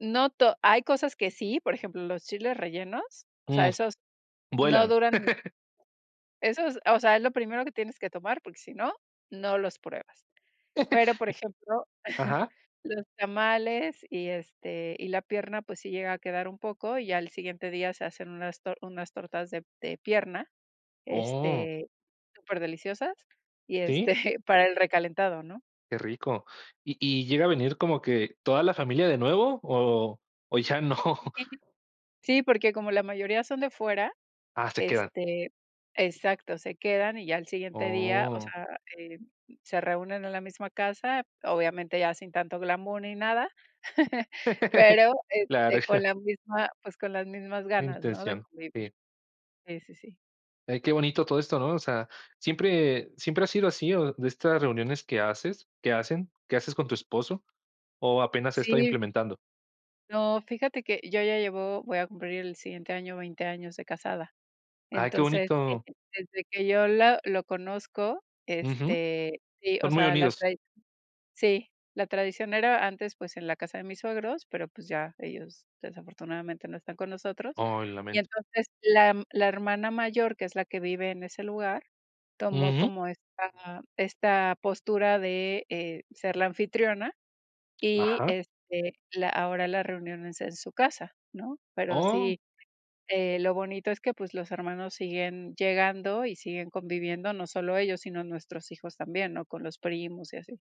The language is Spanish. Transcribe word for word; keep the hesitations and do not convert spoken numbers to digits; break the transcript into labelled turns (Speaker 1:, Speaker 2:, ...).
Speaker 1: No to hay cosas que sí, por ejemplo, los chiles rellenos, o sea,
Speaker 2: Mm.
Speaker 1: esos no
Speaker 2: Vuelan.
Speaker 1: duran ni esos, ah, o sea, es lo primero que tienes que tomar, porque sí no, no los pruebas. Pero, por ejemplo,
Speaker 2: Ajá.
Speaker 1: los tamales y, este, y la pierna, pues, sí llega a quedar un poco, y al siguiente día se hacen unas tor unas tortas de de pierna,
Speaker 2: Oh.
Speaker 1: este, superdeliciosas, y,
Speaker 2: ¿Sí?
Speaker 1: este, para el recalentado, ¿no?
Speaker 2: Qué rico. ¿Y y llega a venir como que toda la familia de nuevo o o ya no?
Speaker 1: Sí, porque como la mayoría son de fuera,
Speaker 2: Ah, se quedan.
Speaker 1: este exacto, se quedan y ya al siguiente día, o
Speaker 2: Oh.
Speaker 1: sea, em, se reúnen en la misma casa, obviamente ya sin tanto glamour ni nada. Pero,
Speaker 2: Claro.
Speaker 1: este, con la misma, pues, con las mismas
Speaker 2: La
Speaker 1: ganas, ¿no? De
Speaker 2: intención.
Speaker 1: convivir.
Speaker 2: Sí.
Speaker 1: Sí, sí, sí.
Speaker 2: Ay, qué bonito todo esto, ¿no? O sea, ¿siempre siempre ha sido así, o de estas reuniones que haces que hacen que haces con tu esposo o apenas se está
Speaker 1: Sí.
Speaker 2: implementando?
Speaker 1: No, fíjate que yo ya llevo voy a cumplir el siguiente año veinte años de casada.
Speaker 2: Ay, qué
Speaker 1: Entonces,
Speaker 2: bonito.
Speaker 1: desde que yo la lo conozco,
Speaker 2: Ujú.
Speaker 1: este, sí, o
Speaker 2: Son muy
Speaker 1: sea, la
Speaker 2: unidos.
Speaker 1: tradi Sí, la tradición era antes, pues, en la casa de mis suegros, pero, pues, ya, ellos desafortunadamente no están con nosotros.
Speaker 2: Oh, lo
Speaker 1: Y
Speaker 2: lamento.
Speaker 1: entonces la m la hermana mayor, que es la que vive en ese lugar, tomó
Speaker 2: Ujú.
Speaker 1: como esta esta postura de, eh, ser la anfitriona y,
Speaker 2: Ajá.
Speaker 1: este, la ahora la reunión es en su casa, ¿no? Pero
Speaker 2: Oh.
Speaker 1: sí, eh, lo bonito es que, pues, los hermanos siguen llegando y siguen conviviendo, no solo ellos, sino nuestros hijos también, ¿no? Con los primos y así.